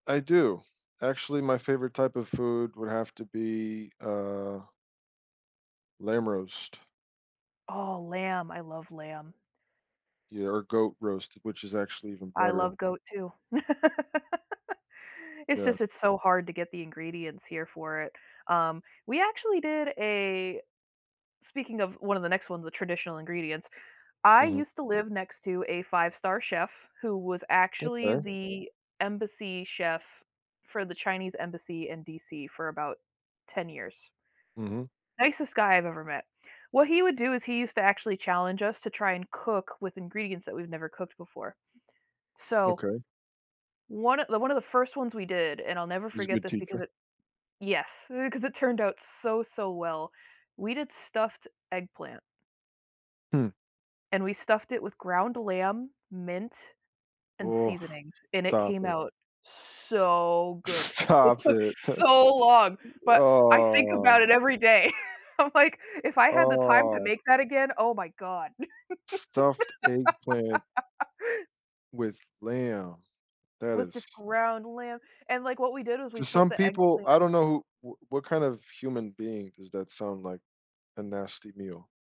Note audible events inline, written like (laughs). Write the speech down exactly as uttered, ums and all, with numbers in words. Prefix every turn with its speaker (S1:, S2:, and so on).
S1: I do. Actually, my favorite type of food would have to be, uh lamb roast.
S2: Oh, lamb. I love lamb.
S1: Yeah, or goat roast, which is actually even
S2: I
S1: better.
S2: love goat too. (laughs) It's
S1: Yeah.
S2: just it's so hard to get the ingredients here for it. Um, we actually did a speaking of one of the next ones, the traditional ingredients. I
S1: Mhm.
S2: used to live next to a 5-star chef, who was actually
S1: Okay.
S2: the embassy chef for the Chinese embassy in DC for about ten years.
S1: Mhm.
S2: Nicest guy I've ever met. What he would do is he used to actually challenge us to try and cook with ingredients that we've never cooked before. So,
S1: Okay.
S2: one of th one of the first ones we did, and I'll never
S1: He's a
S2: forget
S1: good
S2: this
S1: teacher.
S2: because it yes, eh, 'cause it turned out so, so well. We did stuffed eggplant.
S1: Hmm.
S2: And we stuffed it with ground lamb, mint, and
S1: Oof,
S2: seasonings, and it
S1: stop
S2: came
S1: it.
S2: out so good. It
S1: Stop
S2: took
S1: it. (chuckles)
S2: so long, but I think
S1: Ah.
S2: about it every day. I'm like, if I had the time to
S1: Ah.
S2: make that again, oh my god.
S1: Stuffed eggplant
S2: (laughs)
S1: with lamb, that
S2: With
S1: is
S2: just ground lamb and, like, what we did was we
S1: To
S2: took
S1: some
S2: the
S1: people, I
S2: eggplant
S1: don't know who wh what kind of human being does that sound like a nasty meal.